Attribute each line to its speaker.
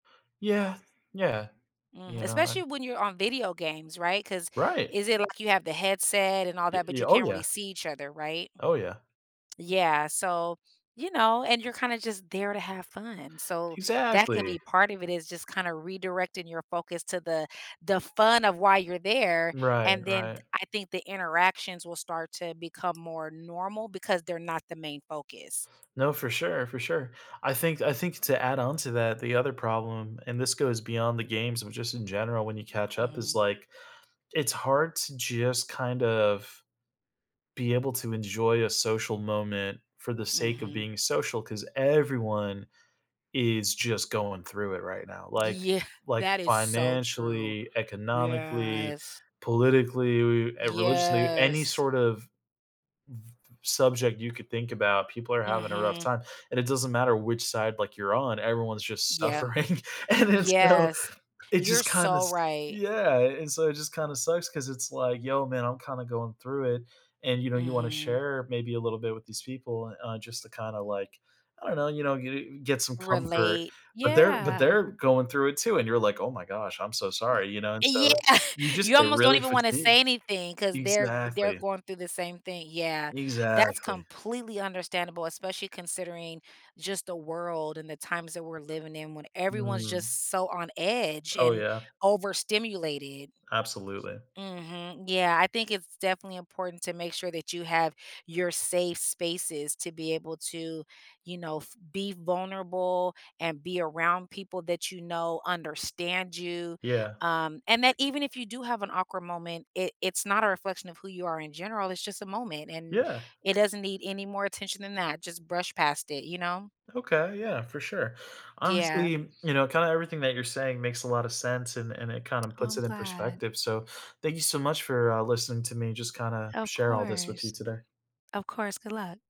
Speaker 1: Yeah, yeah,
Speaker 2: Mhm,
Speaker 1: you know, I
Speaker 2: especially when you're on video games, right? 'Cause
Speaker 1: Right.
Speaker 2: is it like you have the headset and all
Speaker 1: Ye
Speaker 2: that, but
Speaker 1: y
Speaker 2: you
Speaker 1: oh,
Speaker 2: can't really
Speaker 1: yeah.
Speaker 2: see each other, right?
Speaker 1: Oh, yeah.
Speaker 2: Yeah, so, you know, and you're kinda just there to have fun, so that
Speaker 1: Exactly.
Speaker 2: could be part of it, it's just kinda redirecting your focus to the the fun of why you're there,
Speaker 1: Right,
Speaker 2: and then
Speaker 1: right.
Speaker 2: I think the interactions will start to become more normal because they're not the main focus.
Speaker 1: No, for sure, for sure. I think I think to add on to that, the other problem, and this goes beyond the games, but just in general, when you catch up is
Speaker 2: Mhm.
Speaker 1: like, it's hard to just kind of be able to enjoy a social moment for the sake of
Speaker 2: Mhm.
Speaker 1: being social 'cause everyone is just going through it right now, like
Speaker 2: Yeah,
Speaker 1: like,
Speaker 2: that is so true,
Speaker 1: financially, economically,
Speaker 2: yes.
Speaker 1: politically, and religiously, any
Speaker 2: Yes.
Speaker 1: sort of v subject you could think about, people are having a rough
Speaker 2: Mhm.
Speaker 1: time, and it doesn't matter which side, like, you're on, everyone's just
Speaker 2: Yep.
Speaker 1: suffering, and it's so
Speaker 2: Yes,
Speaker 1: it
Speaker 2: you're
Speaker 1: just kinda
Speaker 2: so
Speaker 1: s
Speaker 2: right.
Speaker 1: yeah, and so it just kinda sucks 'cause it's like, "Yo, man, I'm kinda going through it," and you know, you wanna
Speaker 2: Mhm.
Speaker 1: share maybe a little bit with these people, uh, just to kinda like, I don't know, you know, g get some comfort,
Speaker 2: Relate.
Speaker 1: but they're but
Speaker 2: Yeah.
Speaker 1: they're going through it too, and you're like, "Oh my gosh, I'm so sorry," you know, and
Speaker 2: Yeah,
Speaker 1: so you just
Speaker 2: you
Speaker 1: get
Speaker 2: almost don't
Speaker 1: really
Speaker 2: even wanna
Speaker 1: fatigued.
Speaker 2: say anything 'cause they're they're
Speaker 1: Exactly.
Speaker 2: going through the same thing, yeah. That's
Speaker 1: Exactly.
Speaker 2: completely understandable, especially considering just the world and the times that we're living in when everyone's
Speaker 1: Mm.
Speaker 2: just so on edge
Speaker 1: Oh,
Speaker 2: and
Speaker 1: yeah.
Speaker 2: overstimulated.
Speaker 1: Absolutely.
Speaker 2: Mhm, yeah, I think it's definitely important to make sure that you have your safe spaces to be able to, you know, f be vulnerable and be around people that you know understand you,
Speaker 1: Yeah.
Speaker 2: um, and that even if you do have an awkward moment, it it's not a reflection of who you are in general, it's just a moment and
Speaker 1: Yeah.
Speaker 2: it doesn't need any more attention than that. Just brush past it, you know?
Speaker 1: Okay, yeah, for sure.
Speaker 2: Yeah.
Speaker 1: Honestly, you know, kinda everything that you're saying makes a lotta sense, and and it kinda
Speaker 2: Oh,
Speaker 1: puts
Speaker 2: I'm
Speaker 1: it in
Speaker 2: glad.
Speaker 1: perspective. So, thank you so much for, uh, listening to me just kinda
Speaker 2: Of
Speaker 1: share all this with you
Speaker 2: course.
Speaker 1: today.
Speaker 2: Of course, good luck.